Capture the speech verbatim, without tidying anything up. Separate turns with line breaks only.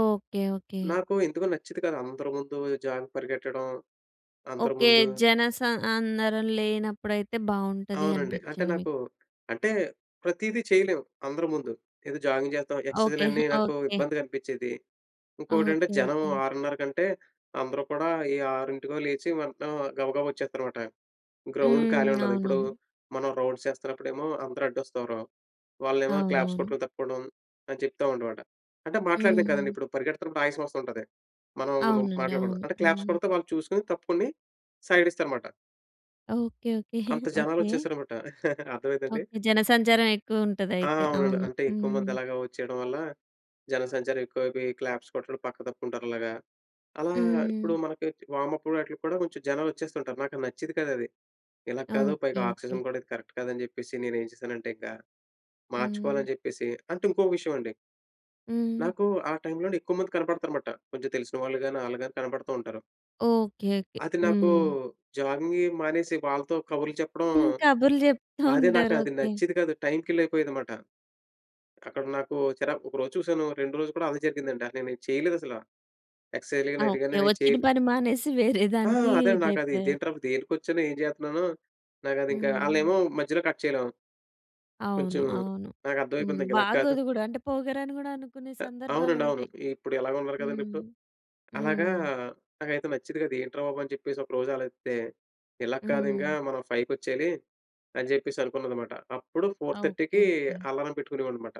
Okay. Okay.
నాకు ఎందుకో నచ్చేది కాదు అందరి ముందు జాగింగ్‌కి పరిగెత్తడం అందరి
ఓకే.
ముందు.
జన సం అందరం లేనప్పుడైతే బావుంటది
అవునండి. అంటే
అనిపిచ్చింది మీకు.
నాకు అంటే ప్రతీదీ చేయలేము అందరి ముందు. ఏదో జాగింగ్ చేస్తాం.
ఓకే.
ఎక్సర్సైజ్లన్నీ నాకు
ఓకే.
ఇబ్బందిగా అనిపించేది. ఇంకోకటంటే
ఓకే
జనం
ఓకే.
ఆరున్నర కంటే అందరూ కూడా ఏ ఆరింటికో లేచి వెంటనే గబగబా వచ్చేస్తారనమాట. గ్రౌండ్ ఖాళీ
హ్మ్.
ఉండదు. ఇప్పుడు
అవునవును.
మనం రౌండ్స్ చేస్తున్నప్పుడేమో అందరూ అడ్డొస్తారు. వాళ్ళనేమో క్లాప్స్
అవునవును.
కొట్టడం తప్పుకోవడం అని చెప్తానమాట. అంటే మాట్లాడలేం కదండీ,
హుహు.
ఇప్పుడు పరిగెడుతున్నప్పుడు ఆయాసం వస్తు ఉంటది. మనం
అవునండి.
మాట్లాడకూడదు.
అవును.
అంటే క్లాప్స్
హ్మ్.
కొడితే వాళ్ళు చూసుకొని తప్పుకుని సైడ్ ఇస్తారనమాట.
Okay okay.
అంత జనాలు
ఓకే.
వచ్చేశారనమాట. అర్థమైందా అండి?
ఓకే. జనసంచారం
ఆ!
ఎక్కువుంటదైతే.
అవునండి
అవును.
అంటే ఎక్కువమంది
హ్మ్.
అలాగా వచ్చేయడం వల్ల, జనసంచారం ఎక్కువైపోయి క్లాప్స్ కొట్టడం పక్క తప్పుకుంటారు అలాగా. అలా
హ్మ్.
ఇప్పుడు మనకి వార్మ్ అప్ వాటిల్లకి కూడా కొంచెం జనాలొచ్చేస్తుంటారు నాకు నచ్చేది కాదది. ఇలా కాదు పైగా
ఓకే. ఓకే.
ఆక్సిజన్ కూడా ఇది కరెక్ట్ కాదని జెప్పేసి నేనేం చేశానంటే ఇకా
హ్మ్.
మార్చుకోవాలని చెప్పేసి అంటే ఇంకోక విషయమండి
హ్మ్.
నాకు ఆ టైంలోనే ఎక్కువ మంది కనపడతారన్నమాట. కొంచెం తెలిసిన వాళ్ళు గాని ఆళ్ళు గాని కనపడుతూ ఉంటారు.
Okay okay.
అది నాకు
హ్మ్.
జాగింగవి మానేసి వాళ్ళతో కబుర్లు చెప్పడం,
కబుర్లు చెప్తూ
అదే నాకు
ఉంటారు.
అది
ఓకే.
నచ్చేది కాదు. టైం కిల్లైపోయేదనమాట. అక్కడ నాకు చిరా ఒక రోజు చూసాను. రెండో రోజు కూడా అదే జరిగిందండి. నేనేం చేయలేదసల ఎక్సర్సైజ్‌లు గాని ఇలాటివి గాని
ఓకే.
నేను చేయ
వచ్చిన పని మానేసి వేరే
ఆ!
దానికి
అదే నాకది
ఇదైపోయారు.
ఇదేంట్రా దేనికొచ్చానో, ఏం చేస్తున్నానో, నాకదింకా
హ్మ్.
ఆళ్ళేమో మధ్యలో కట్ చేయలేం. కొంచెం
అవును. అవును. హ్మ్.
నాకర్థమైపోయింది ఇంకిలా కాదు.
బాగోదు గూడా అంటే పొగరని కూడా అనుకునే
అ అవునండి. అవును.
సందర్భాలుంటాయి.
ఇప్పుడు ఎలాగా ఉన్నారు కదండీ
హ్మ్.
ఇప్పుడు. అలాగా
హ్మ్.
నాకైతే నచ్చేది కాదు. ఏంట్రా బాబని జెప్పేసి ఒకరోజు ఆలొచిస్తే, ఇలా కాదింగా
హ్మ్.
మనం ఫైవ్‌ కొచ్చేయాలి. అని జెప్పేసి అనుకున్నన్నమాట. అప్పుడు ఫొర్
ఓకే
థర్టీకి
ఓకే.
అలారం పెట్టుకునేవాడినన్నమాట.